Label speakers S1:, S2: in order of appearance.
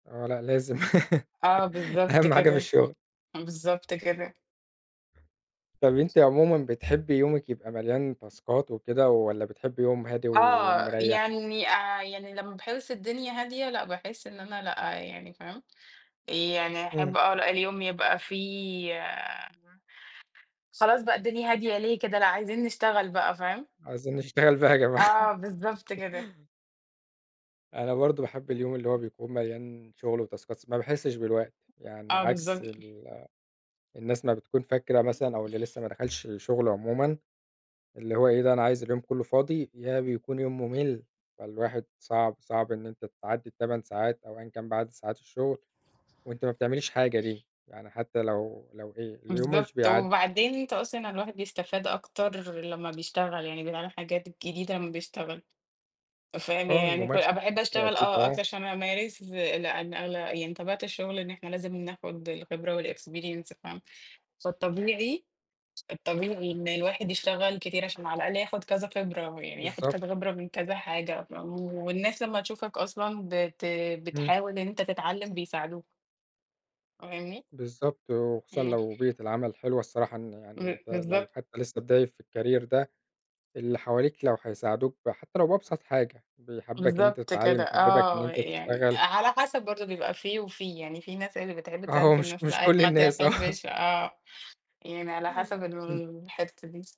S1: آه لأ لازم
S2: آه، بالضبط
S1: أهم حاجة في
S2: كده،
S1: الشغل.
S2: بالضبط كده.
S1: طب أنتِ عمومًا بتحبي يومك يبقى مليان تاسكات وكده، والَّا بتحبي يوم هادي
S2: آه،
S1: ومريّح؟
S2: يعني، آآ، يعني لمّا باحس الدنيا هادية، لأ، باحس إن أنا لأ، يعني، فاهم، آآ، يعني
S1: إمم.
S2: أحب آه لأ اليوم يبقى فيه خلاص بقى الدنيا هادية ليه كده، لأ عايزين نشتغل بقى، فاهم.
S1: عايزين نشتغل بقى يا جماعة.
S2: آه، بالضبط كده.
S1: أنا برضو باحب اليوم اللي هو بيكون مليان شغل وتاسكات، س ما باحسش بالوقت. يعني
S2: آه،
S1: عكس
S2: بالضبط.
S1: ال الناس ما بتكون فاكرة مثلًا، أو اللي لسه ما دخلش الشغل عمومًا، اللي هو إيه ده أنا عايز اليوم كله فاضي، يا بيكون يوم ممل، فالواحد صعب، صعب إن أنتِ تعدي ال8 ساعات أو أيًا كان بقى عدد ساعات الشغل، وأنتِ ما بتعمليش حاجة دي. يعني حتى لو لو إيه، اليوم مش
S2: بالضبط،
S1: بيعدي.
S2: وبعدين أنت أصلًا الواحد بيستفاد أكتر لمّا بيشتغل، يعني بيتعلم حاجات جديدة لمّا بيشتغل، فاهم.
S1: آه
S2: يعني كل
S1: الممارسة،
S2: باحب
S1: ده
S2: أشتغل،
S1: أكيد
S2: آه، أكتر
S1: آه.
S2: عشان أمارس، لأن أغل يعني طبيعة الشغل إن إحنا لازم ناخد الخبرة والexperience، فاهم، فالطبيعي، الطبيعي إن الواحد يشتغل كتير عشان على الأقل ياخد كذا خبرة، يعني ياخد
S1: بالضبط.
S2: كذا خبرة من كذا حاجة، فاهم. والناس لمّا تشوفك أصلًا بت
S1: إمم.
S2: بتحاول إن أنت تتعلم، بيساعدوك. فاهمني؟
S1: بالضبط، وخصوصًا
S2: إمم.
S1: لو بيئة العمل حلوة الصراحة إن يعني
S2: ب
S1: أنت لو
S2: بالضبط.
S1: حتى لسه بداية في الcareer ده، اللي حواليك لو هيساعدوك ب حتى لو بأبسط حاجة، بيحببك إن أنت
S2: بالضبط
S1: تتعلم،
S2: كده،
S1: يحببك إن
S2: آه،
S1: أنت
S2: يعني
S1: تشتغل.
S2: على حسب برضه بيبقى في وفي، يعني في ناس اللي بتحب
S1: آه
S2: تساعد وفي
S1: ومش
S2: الناس
S1: مش
S2: لأ،
S1: كل
S2: ما
S1: الناس آه.
S2: تحبش آه. يعني على حسب
S1: إمم.
S2: الحتة دي.